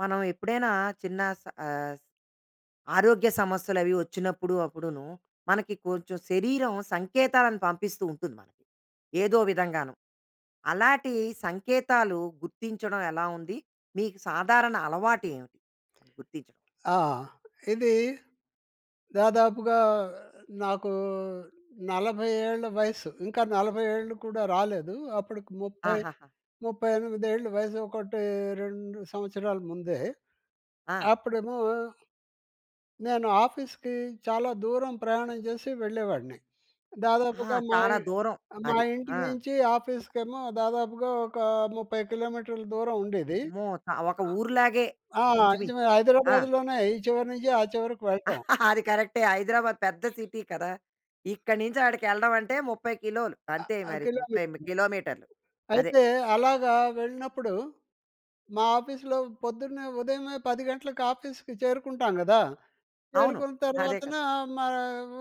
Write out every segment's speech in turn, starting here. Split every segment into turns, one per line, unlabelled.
మనం ఎప్పుడైనా చిన్న స ఆహ్, ఆరోగ్య సమస్యలు అవి వచ్చినప్పుడు అప్పుడునూ, మనకి కొంచెం శరీరం సంకేతాలను పంపిస్తూ ఉంటుంది మనకి ఏదో విధంగాను. అలాంటి సంకేతాలు గుర్తించడం ఎలా ఉంది? మీకు సాధారణ అలవాటు ఏమిటి గుర్తించడం?
ఆ! ఇది దాదాపుగా నాకు 40 ఏళ్ల వయస్సు, ఇంకా 40 ఏళ్ళు కూడా రాలేదు. అప్పటికి ముప్పై
ఆహాహా!
ముప్పై ఎనిమిది ఏళ్ల వయస్సు 1, 2 సంవత్సరాల ముందే.
ఆ!
అప్పుడేమో... నేను ఆఫీస్‌కి చాలా దూరం ప్రయాణం చేసి వెళ్ళేవాన్ని.
ఆ!
దాదాపుగా మా
చాలా
ఇ
దూరం.
మా
అది.
ఇంటి
ఆ!
నుంచి ఆఫీస్‌కేమో దాదాపుగా ఒక 30 కిలోమీటర్ల దూరం ఉండేది.
అమ్మో! చా ఒక ఊరులాగే
ఆ!
ఇంచుమించు.
నిజమే,
ఆ!
హైదరాబాద్‌లోనే ఈ చివరి నుంచి ఆ చివరకు వెళ్ళటం.
అది కరెక్టే. హైదరాబాద్ పెద్ద సిటీ కదా! ఇక్కడి నుంచి అక్కడికి వెళ్ళడం అంటే 30 కిలోలు అంతే
ఆ!
మరి 38
కిలోమీటర్లు.
కిలోమీటర్లు అదే.
అయితే అలాగా వెళ్ళినప్పుడు, మా ఆఫీస్‌లో పొద్దున్నే ఉదయమే 10 గంటలకు ఆఫీస్‌కి చేరుకుంటాం కదా!
అవును.
చేరుకున్న
అదే క
తర్వాతన మా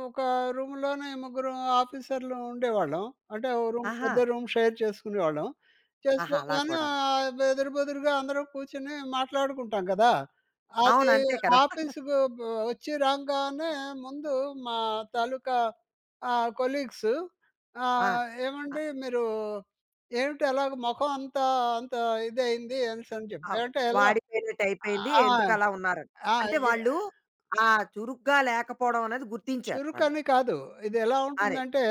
ఒక రూమ్‌లోనే ముగ్గురు ఆఫీసర్‌లం ఉండేవాళ్ళం. అంటే ఒక రూమ్
ఆహా!
పెద్ద రూమ్ షేర్ చేసుకునేవాళ్ళం.
ఆహా! అలా
చేసుకోగానే
కూడాను.
ఆహ్, ఎదురు బొదురుగా అందరం కూర్చొని మాట్లాడుకుంటాం కదా!
అవును.
అది
అంతే కదా!
ఆఫీస్‌కి వ వచ్చి రంగానే ముందు మా తాలూకా ఆహ్, కొలీగ్స్
ఆ!
ఆహ్,
ఆహ్
ఏమండి మీరు ఏమిటి అలాగ మొఖమంతా అంతా ఇదయింది అనిసని చెప్పి
అవు
అంటే ఎలా?
వాడిపోయినట్టు అయిపోయింది,
ఆ!
ఎందుకలా ఉన్నారని,
ఆ!
అంటే
ఇహ్
వాళ్ళు ఆ చురుగ్గా లేకపోవడం అనేది గుర్తించారు వాళ్ళు.
చురుకని కాదు. ఇది ఎలా
అరే!
ఉంటుందంటే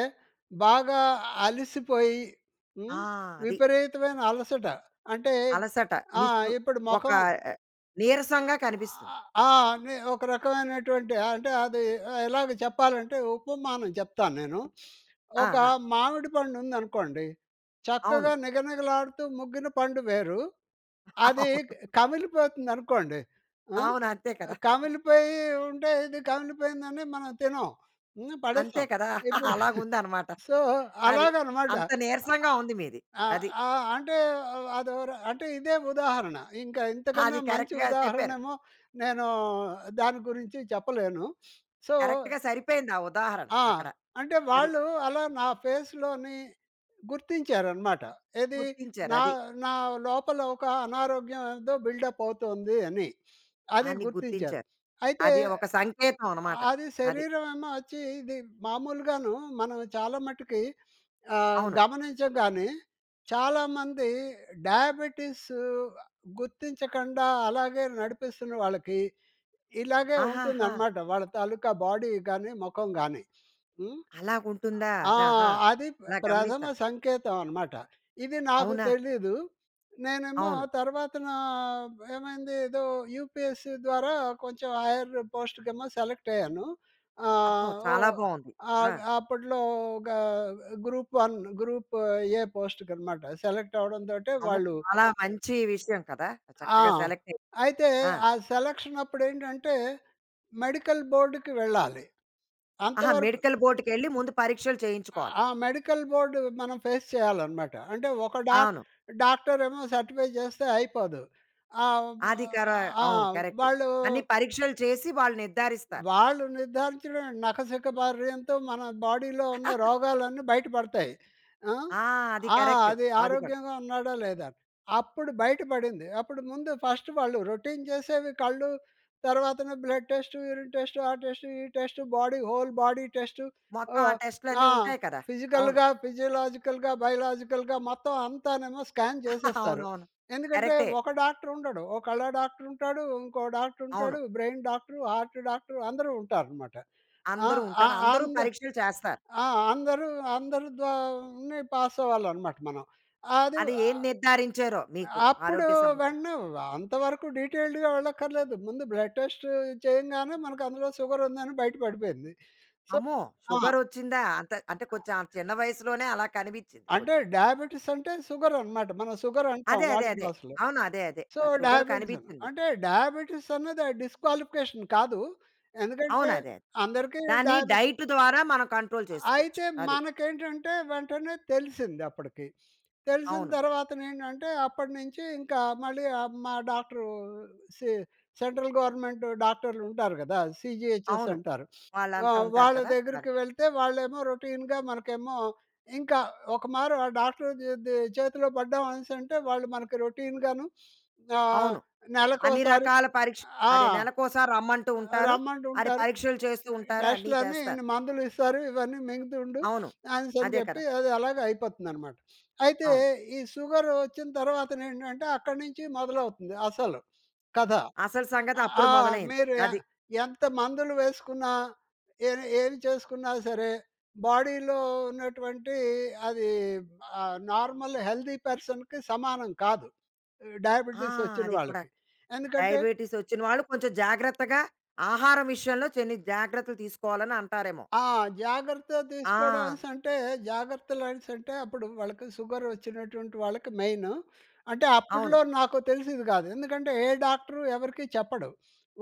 బాగా అలసిపోయి,
ఆ!
హ్మ్,
అది.
విపరీతమైన అలసట. అంటే
అలసట
ఆ!
నిస్పృ
ఇప్పుడు
ఒక
మొఖం
ఆహ్, నీరసంగా కనిపిస్తుంది.
ఆ! అనే, ఒక రకమైనటువంటి అంటే అది ఎలాగ చెప్పాలంటే ఉపమానం చెప్తానేను. ఒక
ఆహా!
మామిడి పండు ఉందనుకోండి,
అవును.
చక్కగా నిగనిగలాడుతూ ముగ్గిన పండు వేరు. అది
అవును.
కమిలిపోతుందనుకోండి ఆహ్,
అవును. అంతే కదా!
కమిలిపోయి ఉంటే ఇది కమిలిపోయిందని మనం తినం. హ్మ్.
అంతే
పడేస్తాం.
కదా!
ఇప్పుడు
అలాగుందన్నమాట
సో,
అది.
అలాగన్నమాట.
అంత నీరసంగా ఉంది మీది.
ఆహ్,
అది.
ఆ! అంటే అదో ర అంటే ఇదే ఉదాహరణ ఇంకా ఇంతకన్నా
అది
మంచి
కరక్ట్‌గా చెప్పారు.
ఉదాహరణేమో నేను దాని గురించి చెప్పలేను. సో
కరక్ట్‌గా సరిపోయింది ఆ ఉదాహరణ
ఆ!
అక్కడ.
అంటే
అది.
వాళ్ళు అలా నా ఫేస్‍లోని గుర్తించారనమాట. ఏది? నా
గుర్తించారది.
నా లోపల ఒక ఆనారోగ్యం ఏదో బిల్డ్‌‌అప్ అవుతుంది అని అది
అని
గుర్తించారు.
గుర్తించారు.
అయితే
అది ఒక సంకేతమన్నమాట
అది
అది.
శరీరమేమో వచ్చి ఇది మామూలుగాను మనం చాలా మట్టి‌కి ఆహ్,
అవును.
గమనిచంగాని, చాలామంది డయాబిటిస్ గుర్తించకుండా అలాగే నడిపిస్తున్న వాళ్ళకి ఇలాగే
ఆహాహా!
ఉంటుందన్నమాట. వాళ్ళ తాలూకా బాడీ గాని, మొఖం గాని హ్మ్.
అలాగుంటుందా
ఆ!
ఆహా!
అది ప
అలా
ప్రథమ
గమనిస్తా.
సంకేతమన్నమాట. ఇది నాకు
అవునా?
తెలీదు. నేనేమో
అవును.
తర్వాతనా ఏమైంది ఏదో యూపీఎస్సీ ద్వారా కొంచెం హయ్యర్ పోస్ట్‌కేమో సెలెక్ట్ అయ్యాను.
అబ్బో!
ఆహ్, ఓ
చాలా బాగుంది.
ఆ!
ఆ!
అప్పట్లో ఒక గ్రూప్-1, గ్రూప్-ఏ పోస్ట్‌కన్నమాట. సెలెక్ట్ అవ్వడంతోటే
అమ్మో!
వాళ్ళు
చాలా మంచి విషయం కదా!
ఆ!
చక్కగా సలెక్ట్
అయితే
ఆ!
ఆ సెలక్షనప్పుడు ఏంటంటే మెడికల్ బోర్డ్‌కి వెళ్ళాలి.
ఆహా!
అంతవరకు
మెడికల్ బోర్డ్‌కి వెళ్లి ముందు పరీక్షలు చేయించుకోవాలి.
ఆ మెడికల్ బోర్డ్ మనం ఫేస్ చేయాలనమాట. అంటే ఒక డాక్
అవును.
డాక్టరేమో సర్టిఫై చేస్తే అయిపోదు. ఆ వా
అది కర
ఆ
అవును. కరెక్ట్.
వాళ్ళు
అన్ని పరీక్షలు చేసి వాళ్ళు నిర్ధారిస్తారు.
వాళ్ళు నిర్ధారించడం నకశక బార్యంతో మన బాడీలో ఉన్న రోగాలన్నీ బయటపడతాయి. ఆ!
ఆ! అది
ఆ!
కరెక్ట్.
అది
అది కూడా.
ఆరోగ్యంగా ఉన్నాడా లేదా? అప్పుడు బయట పడింది. అప్పుడు ముందు ఫస్ట్ వాళ్ళు రోటీన్ చేసేవి కళ్ళు తర్వాతన బ్లడ్ టెస్ట్, యూరిన్ టెస్ట్, ఆ టెస్ట్, ఈ test, body whole body test
మొత్తం ఆ
ఆహ్,
టెస్ట్‌లన్ని
ఆ!
ఉంటాయి కదా! అవును.
ఫిజికల్‌గా, ఫిజియోలాజికల్‌గా, బయోలాజికల్‌గా మొత్తం అంతానేమో స్కాన్ చేసేస్తారు.
అవునవును.
ఎందుకంటే
కరెక్టే.
ఒక డాక్టర్ ఉండడు. ఓ కళ్ళ డాక్టర్ ఉంటాడు. ఇంకో డాక్టర్
అవును.
ఉంటాడు, బ్రెయిన్ డాక్టరు, హార్ట్ డాక్టరు అందరూ ఉంటారనమాట. ఆ!
అందరు ఉంటారు.
ఆహ్, ఆ
అందరూ
అంద
పరీక్షలు చేస్తారు.
ఆ! అందరు అందరు ద్వ పాసవ్వాలనమాట మనం. అది
అది ఏం
ఆహ్,
నిర్ధారించారో మీకు
అప్పుడు
ఆరోగ్య సమస్య?
వెంటనే అంత వరకు డిటైల్డ్‌గా వెళ్ళక్కర్లేదు. ముందు బ్లడ్ టెస్ట్ చేయంగానే మనకు అందులో షుగరుందని బయట పడిపోయింది. సొ
అమ్మో!
ఆ!
షుగర్ వచ్చిందా? అంతా అంటే కొంచెం ఆ చిన్న వయసులోనే అలా కనిపించింది
అంటే
కొంచెం.
డయాబిటిస్ అంటే షుగరన్నమాట. మనం షుగరంటాం
అదే, అదే,
వాడుక
అదే.
భాషలో.
అవును. అదే, అదే.
సొ,
ఆ షుగర్
డయాబిటిసన్న
కనిపించింది.
అంటే డయాబిటిస్ అన్నది డిస్‌క్వాలిఫి‌కేషన్ కాదు. ఎందుకంటే
అవును. అదే, అదే.
అందరికి
దాన్ని
డయాబిటిస్
డైట్ ద్వారా మనం కంట్రోల్ చేసుకోవచ్చు
అయితే
అది.
మనకేంటంటే వెంటనే తెలిసిందప్పటికి. తెలిసిన
అవును.
తర్వాతనేంటంటే అప్పటినుంచి ఇంకా మళ్ళీ ఆ మా డాక్టరు సె సెంట్రల్ గవర్నమెంట్ డాక్టర్లు ఉంటారు కదా! సీజీహెచ్ఎస్
అవును.
అంటారు. ఆ!
వాళ్ళంతా ఉంటారు
వాళ్ళ
కదా! ఆ!
దగ్గరకి వెళ్తే వాళ్ళేమో రోటీన్‌గా మనకేమో, ఇంకా ఒకమారు ఆ డాక్టర్ చేతి చేతిలో పడ్డాం అనేసి అంటే వాళ్ళు మనకు రోటీన్‍గాను ఆహ్,
అవును. అన్ని
నెలకొకసారి
రకాల పరీక్ష
ఆ!
అదే నెలకు ఒకసారి రమ్మంటూ ఉంటారు. అది
రమ్మటుంటారు.
పరీక్షలు చేస్తూ ఉంటారు. అన్ని
టెస్ట్‌లని
చేస్తారు.
ఇన్ని మందులు ఇస్తారు. ఇవన్నీ మింగుతుండు
అవును.
అనేసనీ
అదే కదా!
చెప్పి అది అలాగ అయిపోతుందనమాట. అయితే
అవును.
ఈ సుగరు వచ్చిన తర్వాతనేంటంటే అక్కడి నుంచి మొదలవుతుంది అసలు కథ.
అసలు సంగతి
ఆ
అప్పుడు మొదలైంది
మీరు ఎ
అది.
ఎంత మందులు వేసుకున్న, ఎ ఏమి చేసుకున్నా సరే, బాడీలో ఉన్నటువంటి అది ఆహ్, నార్మల్ హెల్డి పర్సన్‌కి సమానం కాదు
ఆ!
డయాబిటిస్ వచ్చిన
అది కూడా
వాళ్ళకి. ఎందుకంటే
డయాబిటిస్ వచ్చిన వాళ్ళు కొంచెం జాగ్రత్తగా ఆహారం విషయంలో కొన్ని జాగ్రత్తలు తీసుకోవాలి అని అంటారేమో?
ఆ! జాగ్రత్త తీసుకోవడం
ఆ!
అనేసంటే జాగ్రత్తలు అనేసంటే అప్పుడు వాళ్ళకి సుగరు వచ్చినటువంటి వాళ్ళకి మెయిన్ అంటే అప్పట్లో
అవును.
నాకు తెలిసేది కాదు. ఎందుకంటే ఏ డాక్టరు ఎవరికీ చెప్పడు.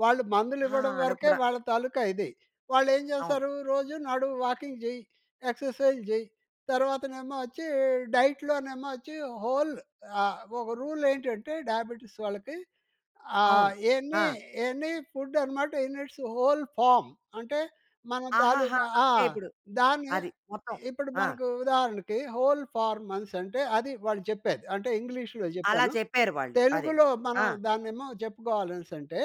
వాళ్ళు మందులు
ఆ!
ఇవ్వడం
అలా
వరకే
కూడా
వాళ్ళ తాలూకా ఇది. వాళ్ళేం
అవును.
చేస్తారు? రోజు నడు, వాకింగ్ చేయి, ఎక్సర్‌సైజ్ చేయి, తర్వాతనేమో వచ్చి డైట్‌లోనేమో వచ్చి హోల్ ఆహ్, ఒక రూల్ ఏంటంటే, డయాబెటిస్ వాళ్ళకి
అవును.
ఆహ్, ఎన్ని
ఆ!
ఎనీ ఫుడ్ అనమాట ఇన్ ఇట్స్ హోల్ ఫార్మ్ అంటే మన
ఆహాహా!
తాలూకా ఆ!
అంటే ఇప్పుడు
దాన్ని
అది మొత్తం.
ఇప్పుడు
ఆ!
మనకు ఉదాహరణకి హోల్ ఫార్మ్ అనేసంటే అది వాళ్ళు చెప్పేది. అంటే ఇంగ్లీష్‌లో
అలా
చెప్పాను.
చెప్పారు వాళ్ళు అదే.
తెలుగులో
ఆ!
మనం దాన్నేమో జెప్పుకోవాలనేసి అంటే,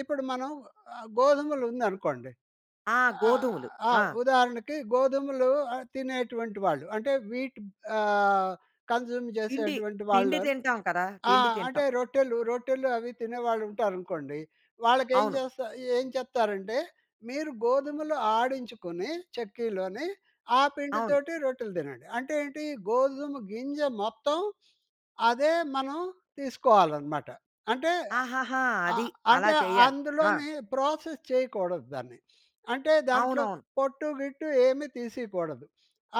ఇప్పుడు మనం ఆహ్, గోధుమలు ఉందనుకోండి
ఆ!
ఆహ్,
గోధుమలు.
ఆ!
ఆ!
ఉదాహరణకి గోధుమలు తినేటువంటి వాళ్ళు. అంటే వీట్ ఆహ్, కన్జ్యూమ్
పిండి,
చేసేటువంటి
పిండి
వాళ్ళు
తింటాం కదా!
ఆ!
పిండి
అంటే
తింటాం.
రొట్టెలు రొట్టెలు అవి తినేవాళ్ళు ఉంటారనుకోండి. వాళ్ళకి ఏం
అవును.
చేస్తా ఏం చెప్తారంటే, మీరు గోధుమలు ఆడించుకొని చెక్కీలోని, ఆ
అవును.
పిండితోటి రొట్టెలు తినండి. అంటేంటి గోధుమ గింజ మొత్తం అదే మనం తీసుకోవాలనమాట. అంటే
ఆహాహా! అది.
ఆహ్,
అలా
అంటే
చెయ్యాలి. ఆ!
అందులోనే ప్రాసెస్ చేయకూడదు దాన్ని. అంటే దాంట్లో
అవునవును.
పొట్టు గిట్టు ఏమీ తీసేయకూడదు.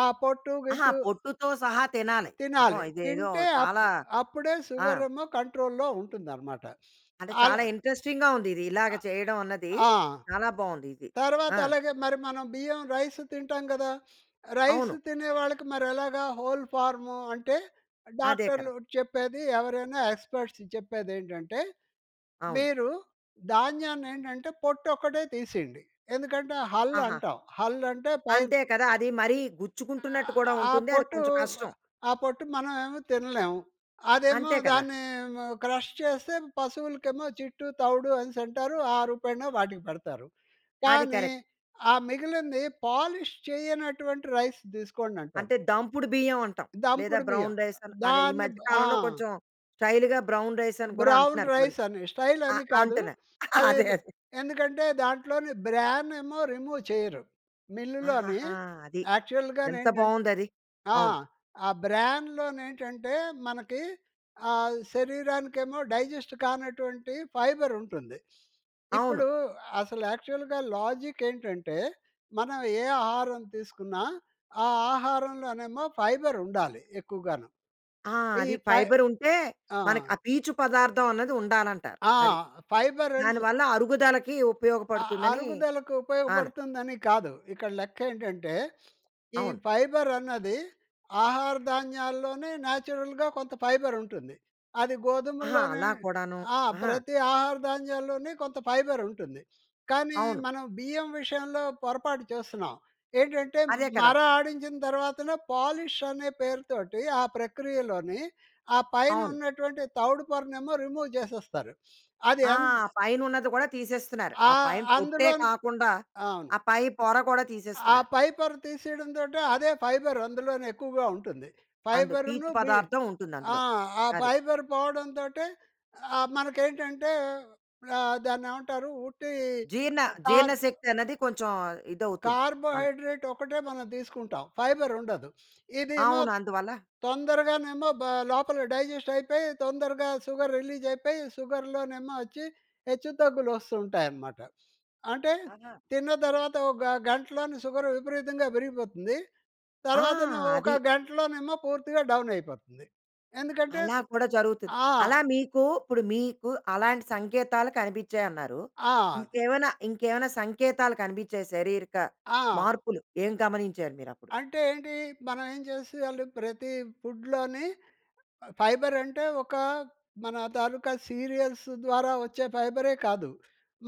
ఆ పొట్టు
ఆహా!
గిట్టు
పొట్టుతో సహా తినాలి. అమ్మో!
తినాలి.
ఇదేదో
తింటే
చాలా
అప్పు అప్పుడే
ఆ!
సుగారేమో కంట్రోల్‌లో ఉంటుందనమాట.
అంటే చాలా
అలా
ఇంట్రెస్టింగ్‌గా ఉంది. ఇది ఇలాగ
ఆ!
చేయడమన్నది
ఆ!
చాలా బాగుందిది.
తర్వాత
ఆ!
అలాగే మరి మనం బియ్యం రైస్ తింటాం కదా! రైస్
అవును.
తినే వాళ్ళకి మరి ఎలాగా హోల్ ఫార్మ్ అంటే
అదే కదా!
డాక్టర్లు చెప్పేది ఎవరైనా ఎక్స్‌పర్ట్స్ చెప్పేదేంటంటే,
అవును.
మీరు ధాన్యాన్ని ఏంటంటే పొట్టు ఒక్కటే తీసేయండి. ఎందుకంటే హల్
ఆహా!
అంటాం. హల్ అంటే పైన
అంతే కదా! అది మరి గుచ్చుకుంటున్నట్టు కూడా
ఆ
ఉంటుంది. అది
పొట్టు,
కొంచెం కష్టం.
ఆ పొట్టు మనమేమో తినలేము. అదేమో
అంతే కదా!
దాన్ని క్రష్ చేస్తే పశువులకేమో జిట్టు, తౌడు అనేసి అంటారు. ఆ రూపేన వాటికి పెడతారు.
అది
కానీ
కరెక్ట్.
ఆ మిగిలింది పాలిష్ చేయనటువంటి రైస్ తీసుకోండంటారు.
అంటే దంపుడు బియ్యం అంటాం. లేదా
దంపుడు బియ్యం
బ్రౌన్ రైస్ అని, అదే ఈ
దాన్ని
మధ్య
బా ఆ!
కాలంలో కొంచెం స్టైల్‌గా బ్రౌన్ రైస్ అని కూడా అంటున్నారు కొన్ని.
బ్రౌన్‌రైస్ అని స్టైల్
ఆ!
అని కాదు.
అంటున్నా
అది
అదే అదే.
ఎందుకంటే దాంట్లోనే బ్రాన్ ఏమో రిమూవ్ చేయరు. మిల్లులోని
ఆహాహా! అది.
యాక్చువల్‌గా
ఎంత
నేంటంటే
బాగుందది.
ఆ!
అవును.
ఆ బ్రాన్‌లో నేంటంటే మనకి ఆహ్, శరీరానికేమో డైజెస్ట్ కానటువంటి ఫైబర్ ఉంటుంది.
అవును.
ఇప్పుడు అసలు యాక్చువల్‌గా లాజిక్ ఏంటంటే, మనం ఏ ఆహారం తీసుకున్నా ఆ ఆహారంలోనేమో ఫైబర్ ఉండాలి ఎక్కువగాను.
ఆ!
ఈ
అది
ఫై
ఫైబర్ ఉంటే
ఆ!
మనకు ఆ పీచు పదార్థం అనేది ఉండాలంటారు
ఆ!
అది.
ఫైబర్ అనేసి
దానివల్ల అరుగుదలకి
ఆహ్,
ఉపయోగపడుతుందని
అరుగుదలకు
ఆన
ఉపయోగపడుతుందని కాదు. ఇక్కడ లెక్క ఏంటంటే, ఈ
అవును.
ఫైబరన్నది ఆహార ధాన్యాల్లోనే నేచురల్‌గా కొంత ఫైబరుంటుంది. అది
ఆహా!
గోధుమల్లోనే
అలా కూడాను.
ఆ!
ఆహా!
ప్రతి ఆహార ధాన్యాల్లోనీ కొంత ఫైబరుంటుంది. కానీ
అవును.
మనం బియ్యం విషయంలో పొరపాటు చేస్తున్నాం. ఏంటంటే
అదే కదా!
మర ఆడించిన తర్వాతనే పాలిష్ అనే పేరుతోటి, ఆ ప్రక్రియలోని ఆ పైన
అవును.
ఉన్నటువంటి తౌడు పొరనేమో రిమూవ్ చేసేస్తారు. అది
ఆ!
ఎంత
పైన ఉన్నది కూడా తీసేస్తున్నారు.
ఆ!
ఆ పైన పొట్టే
అందులోనే
కాకుండా,
అవును.
ఆ పై పొర కూడా
ఆ
తీసేస్తున్నారు.
పై పొర తీసేయడంతోటే అదే ఫైబర్ అందులోనే ఎక్కువగా ఉంటుంది.
అందు
ఫైబర్‌ను
పీచు
బి
పదార్థం ఉంటుంది
ఆ!
అందులో
ఆ
అది.
పై పొర పోవడం తోటే ఆ! మనకు ఏంటంటే ఆహ్, దాన్ని ఏమంటారు ఉట్టి
జీర్ణ, జీర్ణ
కార్బ
శక్తి అనేది కొంచెం ఇది అవుతుంది మనకి.
కార్బోహైడ్రేట్ ఒకటే మనం తీసుకుంటాం, ఫైబర్ ఉండదు. ఇదేమో
అవును. అందువల్ల
తొందరగానేమో బా లోపల డైజెస్ట్ అయిపోయి, తొందరగా సుగర్ రిలీజ్ అయిపోయి, సుగర్‌లోనేమో వచ్చి, హెచ్చుతగ్గులు వస్తూ ఉంటాయన్నమాట. అంటే
ఆహా!
తిన్న తర్వాత ఒక గంటలోనే సుగర్ విపరీతంగా పెరిగిపోతుంది.
ఆ!
తర్వాతన ఒక
అది.
గంటలోనేమో పూర్తిగా డౌన్ అయిపోతుంది. ఎందుకంటే
అలా కూడా జరుగుతుంది.
ఆ!
అలా మీకు ఇప్పుడు మీకు అలాంటి సంకేతాలు కనిపించాయన్నారు.
ఆ!
ఇంకేమన్నా ఇంకేమైనా సంకేతాలు కనిపించాయా? శారీరక
ఆ!
మార్పులు ఏం గమనించారు మీరప్పుడు?
అంటే ఏంటి? మనం ఏం చేసియాలి ప్రతి ఫుడ్‍లోని ఫైబర్ అంటే, ఒక మన తాలూకా సీరియల్స్ ద్వారా వచ్చే ఫైబరే కాదు.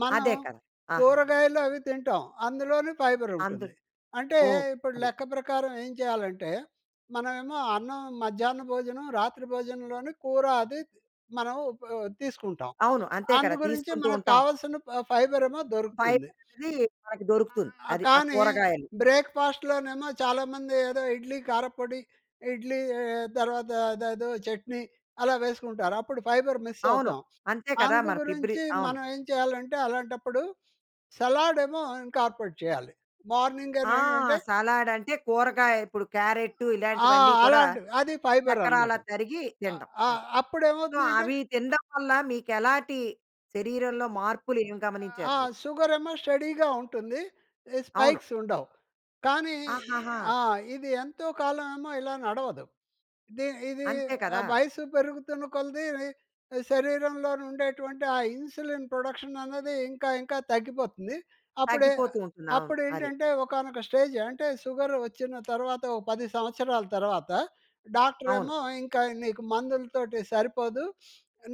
మనం
అదే కదా! ఆహాహా!
కూరగాయలు అవి తింటాం, అందులోనే ఫైబర్
అందులో
ఉంటుంది. అంటే
ఓహ్!
ఇప్పుడు
అదే.
లెక్క ప్రకారం ఏం చేయాలంటే, మనమేమో అన్నం మధ్యాహ్న భోజనం, రాత్రి భోజనంలోని కూర అది మనం తీసుకుంటాం.
అవును. అంతే కదా!
అందుగురించి
తీసుకుంటూ
మనకు
ఉంటాం.
కావాల్సిన ఫ ఫైబర్ ఏమో దొరుకుతుంది.
ఫైబర్ అనేది మనకు దొరుకుతుంది.
ఆ!
అది ఆ
కానీ
కూరగాయలు.
బ్రేక్‌ఫాస్ట్‌లో నేమో చాలామంది ఏదో ఇడ్లీ కారప్పొడి, ఇడ్లీ ఆహ్, తర్వాత అదేదో చట్నీ అలా వేసుకుంటారు. అప్పుడు ఫైబర్ మిస్
అవును.
అవుతాం.
అంతే కదా! మరి ఫిబ్రి
అందుగురించి
అవును.
మనం ఏం చేయాలంటే అలాంటప్పుడు సలాడ్ ఏమో ఇంకార్పెట్ చేయాలి. మార్నింగ్ అని
ఆ!
ఏంటంటే
సలాడ్ అంటే కూరగాయ ఇప్పుడు క్యారటు
ఆ!
ఇలాంటివన్నీ కూడా
అలాంటిది. అది ఫైబర్ అనమాట.
చక్కరాల్లా తరిగి
ఆహ్,
తింటం
ఆ!
అది.
అప్పుడు
సో
ఏమవుతుంది అంటే
అవి తినడం వల్ల మీకు ఎలాంటి శరీరంలో మార్పులు ఏమి గమనించారు
ఆ!
మీరు?
సుగర్ ఏమో స్టెడీగా ఉంటుంది. ఈ
అవును.
స్పైక్స్ ఉండవు. కానీ
ఆహాహా!
ఆ! ఇది ఎంతో కాలం ఏమో ఇలా నడవదు. ది ఇది
అంతే కదా!
వయసు పెరుగుతున్న కొలది శరీరంలోని ఉండేటువంటి ఆ ఇన్సులిన్ ప్రొడక్షన్ అన్నది ఇంకా ఇంకా తగ్గిపోతుంది. అప్పుడే
తగ్గిపోతూ ఉంటుంది. అవును అది.
అప్పుడేంటంటే ఒకానొక స్టేజ్, అంటే సుగరు వచ్చిన తర్వాత ఒక 10 సంవత్సరాల తర్వాత
అవును.
డాక్టరేమో ఇంకా నీకు మందులతోటి సరిపోదు.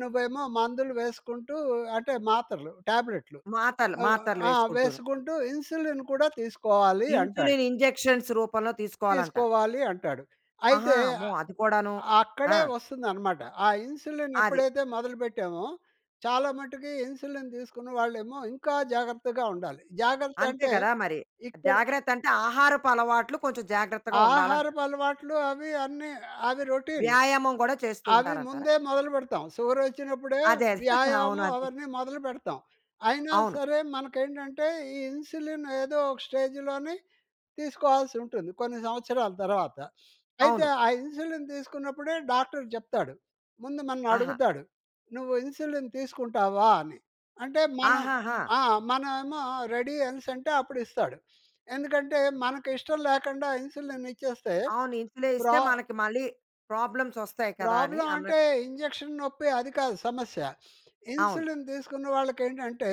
నువ్వేమో మందులు వేసుకుంటూ అంటే మాత్రలు టాబ్లెట్లు.
మాతలు మాత్రలు
ఆ!
వేసుకుంటును.
వేసుకుంటూ ఇన్సులిన్ కూడా తీసుకోవాలి అంటాడు.
ఇన్సులిన్ ఇంజెక్షన్స్ రూపంలో తీసుకోవాలంటారు.
తీసుకోవాలి అంటాడు.
ఆహా!
అయితే
అమ్మో!
ఆహ్,
అది కూడాను. ఆ!
అక్కడే వస్తుందన్నమాట. ఆ ఇన్సులిన్
అది.
ఎప్పుడైతే మొదలు పెట్టామో చాలా మటుకు ఇన్సులిన్ తీసుకున్న వాళ్ళేమో ఇంకా జాగ్రత్తగా ఉండాలి. జాగ్రత్త
అంతే
అంటే
కదా మరి.
ఇక్కడ
జాగ్రత్త అంటే ఆహారపు అలవాట్లు కొంచెం జాగ్రత్తగా ఉండాలంటారు.
ఆహారపు అలవాట్లు అవి అన్ని అవి రొటీన్.
వ్యాయామం కూడా చేస్తూ
అవి
ఉంటారంటారా?
ముందే మొదలుపెడతాం. సుగర్ వచ్చినప్పుడే
అదే, అదే. అవును.
వ్యాయామం
అదే.
అవన్నీ మొదలుపెడతాం. అయినా
అవును.
సరే మనకేంటంటే, ఈ ఇన్సులిన్ ఏదో ఒక స్టేజ్‌లోని తీసుకోవాల్సి ఉంటుంది, కొన్ని సంవత్సరాల తర్వాత. అయితే
అవును.
ఆ ఇన్సులిన్ తీసుకున్నప్పుడే డాక్టర్ చెప్తాడు. ముందు మనల్ని
ఆహా!
అడుగుతాడు. "నువ్వు ఇన్సులిన్ తీసుకుంటావా?" అని అంటే మనం
ఆహాహా!
ఆ! మనమేమో రెడీ అనేసంటే అప్పుడు ఇస్తాడు. ఎందుకంటే మనకు ఇష్టం లేకుండా ఇన్సులిన్ ఇచ్చేస్తే
అవును. ఇన్సులే
ప్రా
ఇస్తే మనకు మళ్ళి ప్రాబ్లమ్స్ వస్తాయి కదా! అని
ప్రాబ్లమ్
అన్నట్టు.
అంటే ఇంజెక్షన్ నొప్పి అది కాదు సమస్య.
అవును.
ఇన్సులిన్ తీసుకున్న వాళ్ళకి ఏంటంటే,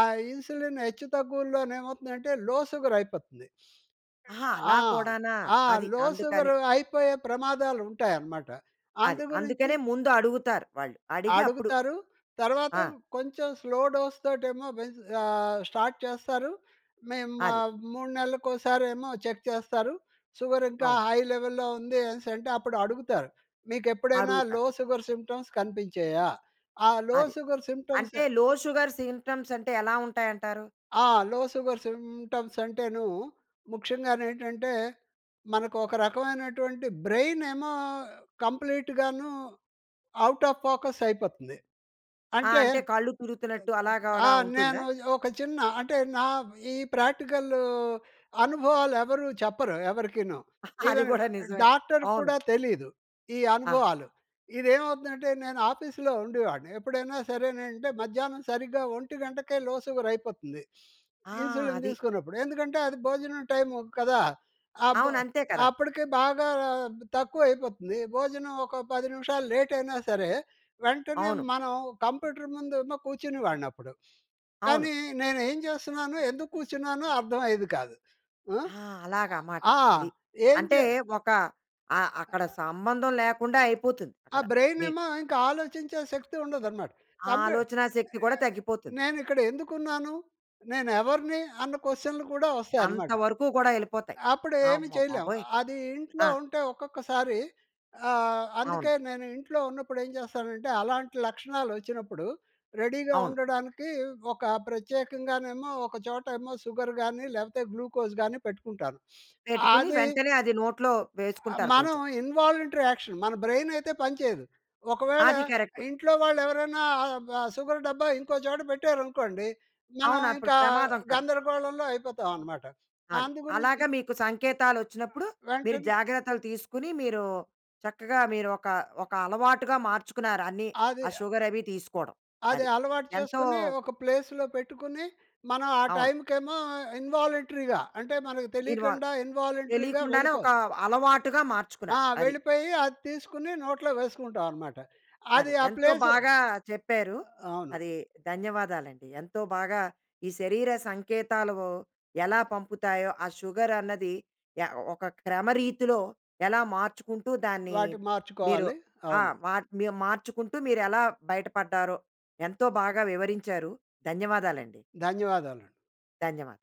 ఆ ఇన్సులిన్ హెచ్చు తగ్గువులో ఏమవుతుందంటే లో సుగర్ అయిపోతుంది.
ఆహా! అలా
ఆ!
కూడానా.
ఆ!
అది
లో
అందుకని.
సుగర్ అయిపోయే ప్రమాదాలుంటాయన్నమాట.
అది.
అందు గురించి
అందుకనే ముందు అడుగుతారు వాళ్ళు అడిగి అప్పుడు.
అడుగుతారు. తర్వాత
ఆ!
కొంచెం స్లో డోస్ తోటేమో పే ఆహ్, స్టార్ట్ చేస్తారు. మేము
అది.
3 నెల్లకోసారేమో చెక్ చేస్తారు. సుగర్ ఇంకా
అవును.
హై లెవెల్‌లో ఉంది అనేసంటే, అప్పుడు అడుగుతారు "మీకెప్పుడైనా
అడుగుతారు.
Low sugar symptoms కనిపించాయా?" ఆ లో
అది.
సుగర్ సింప్టమ్స్
అంటే లో షుగర్ సిమ్టమ్స్ అంటే ఎలా ఉంటాయంటారు?
ఆ! లో సుగర్ సింప్టమ్స్ అంటేను ముఖ్యంగానేంటంటే మనకు ఒక రకమైనటువంటి బ్రెయిన్ ఏమో కంప్లీట్‌ గాను ఔట్ ఆఫ్ ఫోకస్ అయిపోతుంది.
ఆ!
అంటే
అంటే కళ్ళు తిరుగుతున్నట్టు
ఆ!
అలాగుడా ఉంటుందా?
నేను ఒక చిన్న అంటే, నా ఈ ప్రాక్టికల్ అనుభవాలు ఎవరు చెప్పరు ఎవరికీనూ.
అది
ఈవెన్
కూడా నిజమే.
డాక్టర్‌కి
అవును.
కూడా తెలీదు, ఈ
ఆహా!
అనుభవాలు. ఇది ఏమవుతుందంటే నేను ఆఫీస్‌లో ఉండేవాన్ని. ఎప్పుడైనా సరేనంటే మధ్యాహ్నం సరిగ్గా 1 గంటకే లో సుగర్ అయిపోతుంది.
ఆ!
ఇన్సులిన్
అది.
తీసుకున్నప్పుడు. ఎందుకంటే అది భోజనం టైము కదా! అపు
అవును. అంతే కదా!
అప్పడికి బాగా తక్కువ అయిపోతుంది భోజనం ఒక 10 నిమిషాలు లేట్ అయినా సరే. వెంటనే
అవును.
మనం కంప్యూటర్ ముందేమో కూర్చునే వానప్పుడు.
అవును.
కానీ నేను ఏం చేస్తున్నానొ? ఎందుకు కూర్చున్నానో అర్థమయ్యేది కాదు. ఆహ్,
ఆ! అలాగా మాట
ఆ!
అది.
ఏం
అంటే
జే
ఒక అ అక్కడ సంబంధం లేకుండా అయిపోతుంది
ఆ
అక్కడ
బ్రైన్
మీకు.
ఏమో ఇంక ఆలోచించే శక్తి ఉండదన్నమాట. కంప్యూ
ఆలోచనా శక్తి కూడా
ఆహ్,
తగ్గిపోతుంది.
నేను ఇక్కడ ఎందుకున్నాను? నేను ఎవరిని? అన్న క్వశ్చన్లు కూడా వస్తాయన్నమాట.
అంతవరకు గూడా ఎళ్ళిపోతాయి.
ఆహ్, అప్పుడు ఏమీ చేయలేము.
అమ్మబాబోయ్!
అది ఇంట్లో
ఆ!
ఉంటే ఒక్కొక్కసారి ఆహ్,
అవును.
అందుకే నేను ఇంట్లో ఉన్నప్పుడు ఏం చేస్తానంటే అలాంటి లక్షణాలు వచ్చినప్పుడు, రెడీగా
అవును.
ఉండడానికి ఒక ప్రత్యేకంగానేమో ఒక చోట ఏమో సుగర్ గాని, లేకపోతే గ్లూకోజ్ గాని పెట్టుకుంటాను.
పెట్టుకుని
అది
వెంటనే అది నోట్లో
ఆ!
వేసుకుంటారు
మనం
కొంచెం.
ఇన్‌వాలంట్రీ యాక్షన్ మన బ్రైన్ అయితే పని చేయదు. ఒకవేళ
అది కరక్ట్.
ఇంట్లో వాళ్ళు ఎవరైనా ఆహ్, సుగర్ డబ్బా ఇంకో చోట పెట్టారనుకోండి. మనం
అవును. అప్పుడు
ఇంకా
ప్రమాదం కాదు.
గందరగోళంలో అయిపోతామన్నమాట.
అది.
అందు గురించి
అలాగా మీకు సంకేతాలు వచ్చినప్పుడు, మీరు
వెంటనే
జాగ్రత్తలు తీసుకొని, మీరు చక్కగా మీరు ఒక ఒక అలవాటుగా మార్చుకున్నారు అన్నీ ఆ
అది
సుగర్ అవి తీసుకోవడం
అది
అది.
అలవాటు
ఎంతో
చేసుకొని, ఒక ప్లేస్‌లో పెట్టుకొని, మనం ఆ
అవును.
టైమ్‌కేమో ఇన్‌వాలంట్రీగా అంటే మనకు
ఇన్వాల్వ్.
తెలియకుండా ఇన్‌వాలంట్రీగా
తెలియకుండానే ఒక
వెళ్ళిపోయి
అలవాటుగా
ఆ!
మార్చుకున్నారు. అది.
వెళ్ళిపోయి, అది తీసుకొని నోట్లో వేసుకుంటామన్నమాట.
అదే
అది ఆ
ఎంతో
ప్లేస్
బాగా చెప్పారు.
అవును.
అది ధన్యవాదాలండి. ఎంతో బాగా ఈ శరీర సంకేతాలు ఎలా పంపుతాయో ఆ షుగర్ అన్నది య ఒక క్రమరీతిలో ఎలా మార్చుకుంటూ దాన్ని
వాటి
మీరు
మార్చుకోవాలి.
ఆహ్,
అవును.
మీ మార్చుకుంటూ మీరు ఎలా బయటపడ్డారో ఎంతో బాగా వివరించారు. ధన్యవాదాలండి.
ధన్యవాదాలు.
ధన్యవాదాలు.